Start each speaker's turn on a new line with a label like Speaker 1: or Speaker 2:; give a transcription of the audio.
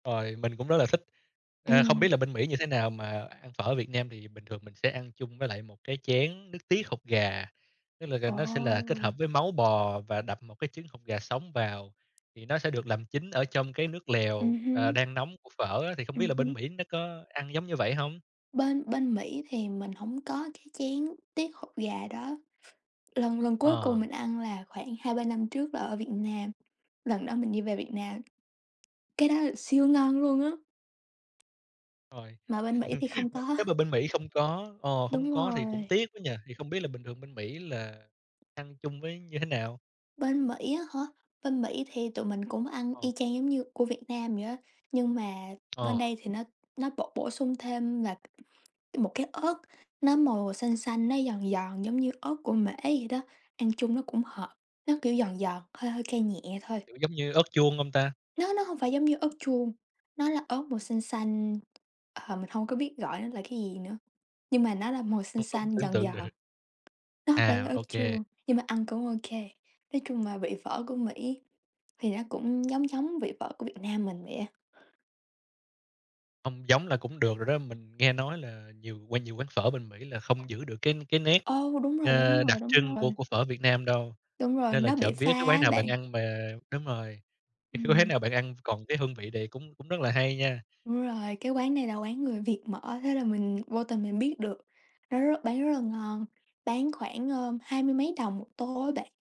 Speaker 1: Rồi, mình cũng rất là thích. À, không biết
Speaker 2: Ừm.
Speaker 1: là bên Mỹ như thế nào mà ăn phở ở Việt Nam thì bình thường mình sẽ ăn chung với lại một cái chén nước tiết hột gà. Tức là, ờ, nó sẽ là kết
Speaker 2: Ồ!
Speaker 1: hợp với máu bò và đập một cái trứng hột gà sống vào, thì nó sẽ được làm chín ở trong cái nước
Speaker 2: Ừm
Speaker 1: lèo, à,
Speaker 2: hưm.
Speaker 1: đang nóng của phở á. Thì không biết
Speaker 2: Ừm
Speaker 1: là
Speaker 2: hứm.
Speaker 1: bên Mỹ nó có ăn giống như vậy hông?
Speaker 2: Bên bên Mỹ thì mình hổng có cái chén tiết hột gà đó. Lần lần cuối cùng
Speaker 1: Ờ.
Speaker 2: mình ăn là khoảng 2-3 năm trước là ở Việt Nam, lần đó mình đi về Việt Nam. Cái đó lại siêu ngon luôn á.
Speaker 1: Rồi.
Speaker 2: Mà bên Mỹ thì không
Speaker 1: Nếu
Speaker 2: có.
Speaker 1: nếu mà bên Mỹ không có, ờ, không
Speaker 2: Đúng
Speaker 1: có thì cũng
Speaker 2: rồi.
Speaker 1: tiếc quá nhỉ! Thì không biết là bình thường bên Mỹ là ăn chung với như thế nào?
Speaker 2: Bên Mỹ á hả? Bên Mỹ thì tụi mình cũng ăn
Speaker 1: Ờ.
Speaker 2: y chang giống như của Việt Nam vậy á, nhưng mà bên
Speaker 1: Ờ.
Speaker 2: đây thì nó nó bổ bổ sung thêm là một cái ớt, nó màu xanh xanh, nó giòn giòn giống như ớt của Mễ vậy đó, ăn chung nó cũng hợp, nó kiểu giòn giòn, hơi hơi cay nhẹ thôi.
Speaker 1: Kiểu, giống như ớt chuông hông ta?
Speaker 2: Nó nó hông phải giống như ớt chuông, nó là ớt màu xanh xanh. À, mình hông có biết gọi nó là cái gì nữa, nhưng mà nó là màu xanh
Speaker 1: Hông có
Speaker 2: xanh,
Speaker 1: tưởng
Speaker 2: giòn
Speaker 1: tượng được.
Speaker 2: giòn. Nó hông phải là
Speaker 1: À,
Speaker 2: ớt
Speaker 1: ô kê.
Speaker 2: chuông, nhưng mà ăn cũng ô kê. Nói chung là vị phở của Mỹ thì nó cũng giống giống vị phở của Việt Nam mình vậy á.
Speaker 1: Hông, giống là cũng được rồi đó. Mình nghe nói là nhiều qua nhiều quán phở bên Mỹ là không giữ được cái cái nét,
Speaker 2: Ừ, mà đúng rồi, đúng
Speaker 1: ờ, đặc
Speaker 2: rồi, đúng
Speaker 1: trưng của
Speaker 2: rồi.
Speaker 1: của phở Việt Nam đâu.
Speaker 2: Đúng rồi,
Speaker 1: Nên là
Speaker 2: nó bị
Speaker 1: trộm vía
Speaker 2: xa
Speaker 1: cái quán
Speaker 2: á
Speaker 1: nào bạn
Speaker 2: bạn.
Speaker 1: ăn mà, đúng rồi, cái quán
Speaker 2: Ừm.
Speaker 1: nào bạn ăn còn cái hương vị này cũng cũng rất là hay nha.
Speaker 2: Đúng rồi, cái quán này là quán người Việt mở, thế là mình vô tình mình biết được. Nó rất bán rất là ngon, bán khoảng à, hai mươi mấy đồng một tô á bạn.